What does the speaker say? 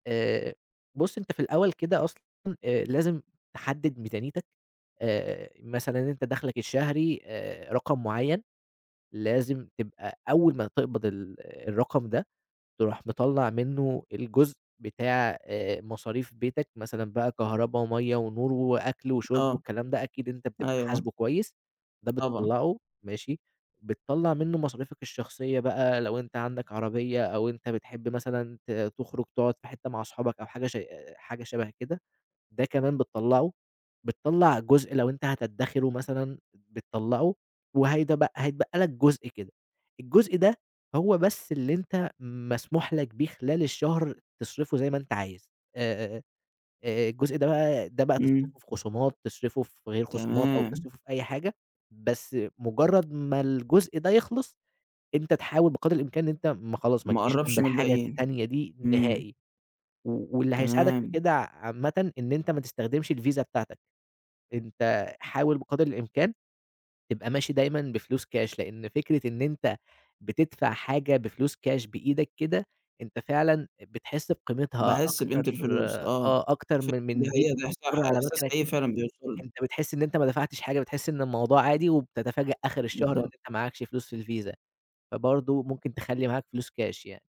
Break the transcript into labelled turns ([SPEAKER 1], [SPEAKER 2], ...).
[SPEAKER 1] آآ بُص أنت في الأول كده أصلًا آآ لازم تحدد ميزانيتك، آآ مثلًا أنت دخلك الشهري، آآ رقم معيّن، لازم تبقى أول ما تقبض ال الرقم ده تروح مطلع منه الجزء بتاع آآ مصاريف بيتك، مثلًا بقى كهربا ومَيّة ونور وأكل وشرب
[SPEAKER 2] آه،
[SPEAKER 1] والكلام ده أكيد أنت بتبقى
[SPEAKER 2] أيوه آه.
[SPEAKER 1] حاسبه كويس، ده
[SPEAKER 2] طبعًا.
[SPEAKER 1] بتطلّعه، ماشي، بتطلّع منه مصاريفك الشخصية بقى لو أنت عندك عربية أو أنت بتحب مثلًا ت تخرج تقعد في حتة مع صحابك أو حاجة ش أ أ حاجة شبه كده، ده كمان بتطلعه، بتطلع جزء لو أنت هتدخره مثلًا بتطلعه وهيتبق هيتبقى لك جزء كده، الجزء ده هو بس اللي أنت مسموح لك بيه خلال الشهر تصرفه زي ما أنت عايز، آآ، آآ الجزء ده بقى ده بقى
[SPEAKER 2] إمم.
[SPEAKER 1] تصرفه في خصومات تصرفه في غير خصومات أو
[SPEAKER 2] تمام.
[SPEAKER 1] تصرفه في أي حاجة، بس مجرد ما الجزء ده يخلص أنت تحاول بقدر الإمكان إن أنت ما خلاص ما
[SPEAKER 2] ما
[SPEAKER 1] تجيش جنب
[SPEAKER 2] قربش من
[SPEAKER 1] الحاجة
[SPEAKER 2] الباقيين،
[SPEAKER 1] التانية دي
[SPEAKER 2] إمم.
[SPEAKER 1] نهائي و واللي هيساعدك في
[SPEAKER 2] تمام.
[SPEAKER 1] كده ع عامةً إن أنت ما تستخدمش الvisa بتاعتك. أنت حاول بقدر الإمكان تبقى ماشي دايمًا بفلوس كاش لأن فكرة إن أنت بتدفع حاجة بفلوس كاش، بإيدك كده، أنت فعلًا بتحس بقيمتها
[SPEAKER 2] باحس
[SPEAKER 1] أكتر
[SPEAKER 2] بقيمة الفلوس، آه،
[SPEAKER 1] آه أكتر من
[SPEAKER 2] ف دي
[SPEAKER 1] من في
[SPEAKER 2] حقيقة ده إحس
[SPEAKER 1] [unintelligible] على
[SPEAKER 2] إحساس
[SPEAKER 1] مكنة
[SPEAKER 2] حقيقي
[SPEAKER 1] كده،
[SPEAKER 2] فعلًا بيوصل لي.
[SPEAKER 1] أنت بتحس إن أنت ما دفعتش حاجة، بتحس إن الموضوع عادي وبتتفاجأ آخر الشهر إن
[SPEAKER 2] بالضبط.
[SPEAKER 1] أنت معاكش فلوس في الvisa، فبرضه ممكن تخلّي معاك فلوس كاش يعني.